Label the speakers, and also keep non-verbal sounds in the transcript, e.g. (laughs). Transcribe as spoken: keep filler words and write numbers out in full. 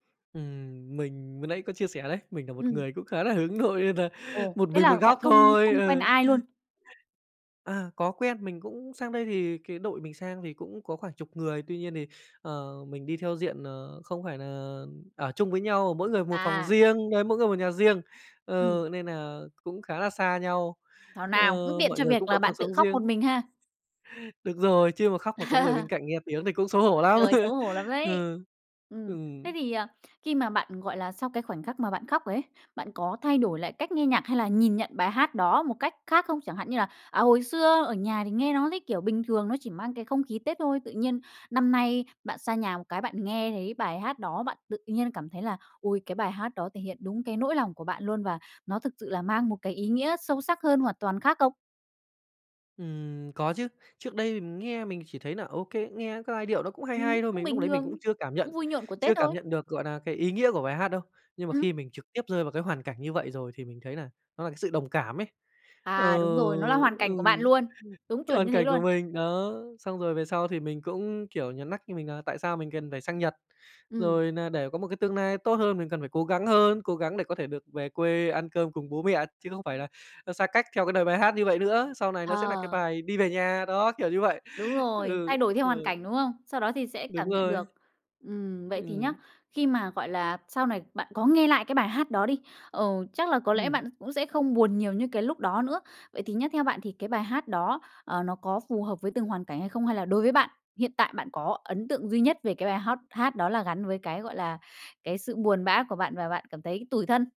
Speaker 1: Ừm, mình vừa nãy có chia sẻ đấy, mình nà một
Speaker 2: Ừm.
Speaker 1: người cũng khá là hướng nội nên nà
Speaker 2: Ồ,
Speaker 1: một
Speaker 2: thế
Speaker 1: mình
Speaker 2: là
Speaker 1: một
Speaker 2: bạn
Speaker 1: góc
Speaker 2: không
Speaker 1: thôi,
Speaker 2: không quen
Speaker 1: ừ.
Speaker 2: ai luôn?
Speaker 1: (chuckles) À, có quen. Mình cũng sang đây thì cái đội mình sang thì cũng có khoảng chục người, tuy nhiên thì, ờ, mình đi theo diện, ờ, không phải nà ở chung với nhau, mỗi người một phòng
Speaker 2: À.
Speaker 1: riêng, đấy, mỗi người một nhà riêng.
Speaker 2: Ừm.
Speaker 1: Ờ, nên nà cũng khá là xa nhau,
Speaker 2: Thảo
Speaker 1: ờ,
Speaker 2: nào, cũng tiện
Speaker 1: mọi
Speaker 2: cho
Speaker 1: người
Speaker 2: việc
Speaker 1: cũng có
Speaker 2: là
Speaker 1: cuộc
Speaker 2: bạn tự
Speaker 1: sống
Speaker 2: khóc một
Speaker 1: riêng.
Speaker 2: mình ha.
Speaker 1: Được rồi, chứ mà khóc mà có người bên
Speaker 2: (laughs)
Speaker 1: cạnh nghe tiếng thì cũng xấu hổ lắm.
Speaker 2: Trời, xấu
Speaker 1: (laughs)
Speaker 2: hổ lắm đấy!
Speaker 1: Ừ,
Speaker 2: Ừm. Thế
Speaker 1: ừm.
Speaker 2: thì, ờ, khi mà bạn, gọi là sau cái khoảnh khắc mà bạn khóc rồi ấy, bạn có thay đổi lại cách nghe nhạc hay là nhìn nhận bài hát đó một cách khác không? Chẳng hạn như là, à, hồi xưa ở nhà thì nghe nó thấy, kiểu, bình thường, nó chỉ mang cái không khí Tết thôi, tự nhiên năm nay bạn xa nhà một cái, bạn nghe thấy bài hát đó, bạn tự nhiên cảm thấy là ôi, cái bài hát đó thể hiện đúng cái nỗi lòng của bạn luôn và nó thực sự là mang một cái ý nghĩa sâu sắc hơn, hoàn toàn khác không?
Speaker 1: Ừm, có chứ. Trước đây thì mình nghe mình chỉ thấy nà OK, nghe cái giai điệu nó cũng hay
Speaker 2: Ừm,
Speaker 1: hay thôi,
Speaker 2: cũng
Speaker 1: mình lúc
Speaker 2: bình
Speaker 1: đấy mình
Speaker 2: thường,
Speaker 1: cũng chưa cảm nhận
Speaker 2: cũng vui nhộn của Tết
Speaker 1: chưa cảm
Speaker 2: thôi.
Speaker 1: nhận được, gọi nà, cái ý nghĩa của bài hát đâu. Nhưng mà
Speaker 2: Ừm.
Speaker 1: khi mình trực tiếp rơi vào cái hoàn cảnh như vậy rồi thì mình thấy là nó là cái sự đồng cảm ấy. Ờ,
Speaker 2: À đúng rồi, nó là hoàn
Speaker 1: ừ,
Speaker 2: cảnh của bạn luôn. Đúng chuẩn
Speaker 1: hoàn
Speaker 2: như thế
Speaker 1: cảnh của
Speaker 2: luôn.
Speaker 1: mình, đó, xong rồi về sau thì mình cũng kiểu nhó nắc cho mình nà tại sao mình cần phải sang Nhật?
Speaker 2: Ừm.
Speaker 1: Rồi nà để có một cái tương nai tốt hơn mình cần phải cố gắng hơn, cố gắng để có thể được về quê ăn cơm cùng bố mẹ, chứ không phải là, ơ, xa cách theo cái đời bài hát như vậy nữa, sau này nó sẽ nà cái
Speaker 2: Ờ.
Speaker 1: bài "Đi về nhà", đó, kiểu như vậy.
Speaker 2: Đúng rồi,
Speaker 1: Ừ,
Speaker 2: thay đổi theo hoàn
Speaker 1: rồi.
Speaker 2: cảnh, đúng hông? Sau đó thì sẽ
Speaker 1: Đúng
Speaker 2: cảm nhận
Speaker 1: rồi.
Speaker 2: được. Ừm, vậy thì nhá,
Speaker 1: Ừm.
Speaker 2: khi mà, gọi là, sau này bạn có nghe lại cái bài hát đó đi, ờ, chắc là có lẽ
Speaker 1: Ừm.
Speaker 2: bạn cũng sẽ không buồn nhiều như cái lúc đó nữa. Vậy thì nhá, theo bạn thì cái bài hát đó, ờ, nó có phù hợp với từng hoàn cảnh hay không? Hay là đối với bạn, hiện tại bạn có ấn tượng duy nhất về cái bài hát hát đó là gắn với cái, gọi là, cái sự buồn bã của bạn và bạn cảm thấy tủi thân?